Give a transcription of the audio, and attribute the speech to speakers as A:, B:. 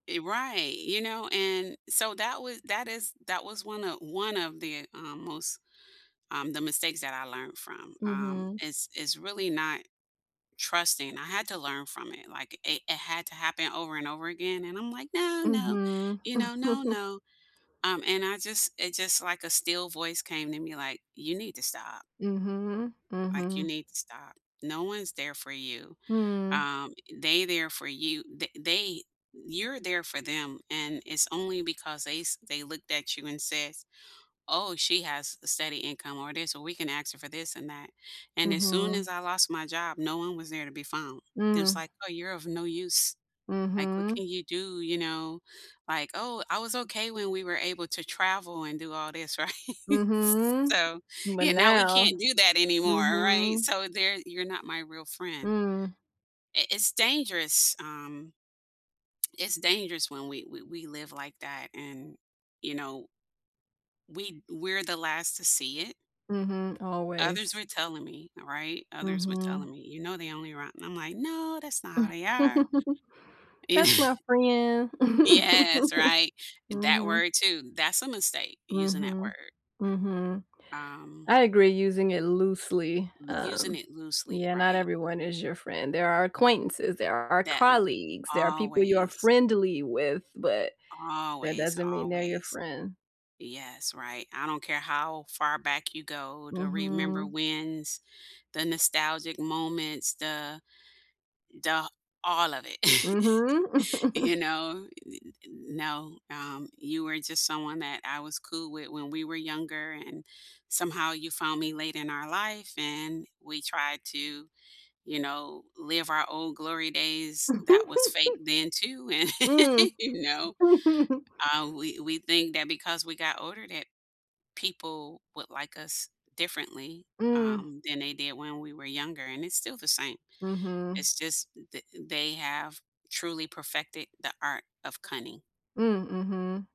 A: E right, you know, and so that wa that is that was 1 of 1 of the, um, most um, the mistakes that I learned from, um,
B: Mhm.
A: is is really not trusting. I had to learn from it, like, it it had to happen over and over again, and I'm like, "No, no,"
B: Mhm.
A: you know, "No, no." Um, and I just it just like a still voice came to me, like, "You need to stop."
B: Mhm,
A: Like, you
B: mhm.
A: need to stop. No one's there for you.
B: Mm.
A: Um, they there for you, the they you're there for them, and it's only because they s they looked at you and says, "Oh, she has a steady income or this, or we can ask her for this and that." And as soon
B: Mhm.
A: as I lost my job, no one was there to be found, just
B: Mm.
A: like, "Oh, you're of no use. Like, what
B: Mhm.
A: can you do?" You know, like, "Oh, I was okay when we were able to travel and do all this." Right. S
B: Mhm.
A: so
B: But
A: yeah, now we
B: now
A: can't do that anymore, right?
B: mhm.
A: So there you're not my real friend.
B: Mm.
A: I it's dangerous um, it's dangerous when we we we live like that and, you know we we're the last to see it?
B: Mhm,
A: Others
B: always.
A: were telling me, th right? Others were telling
B: Mhm.
A: me, "You know they only rot" And I'm like, "No, that's not how they are." You kn
B: That's my friend.
A: Yes, right? And that
B: Mhm.
A: word, too. That's a mistake, using that
B: Mhm,
A: word.
B: mhm.
A: Um
B: I agree, using it loosely,
A: M using
B: um
A: it loosely,
B: yeah, not
A: right.
B: everyone is your friend. There are acquaintances, there are
A: That and
B: colleagues, there are people you are
A: always.
B: friendly with, but that
A: Always,
B: doesn't mean they're your
A: always.
B: friend.
A: Yes. Right. I don't care how far back you go to remember
B: Mhm.
A: wins, the nostalgic moments, the the all of it,
B: Mhm.
A: you know, u n n no, um, you were just someone that I was cool with when we were younger and somehow you found me late in our life and we tried to, you know, live our old glory days that was fake then too, and,
B: Mm.
A: you know, uh, we we think that because we got older that people would like us differently,
B: Mm.
A: um, than they did when we were younger, and it's still the same.
B: Mhm.
A: It's just that they have truly perfected the art of cunning.
B: Mm, mhm.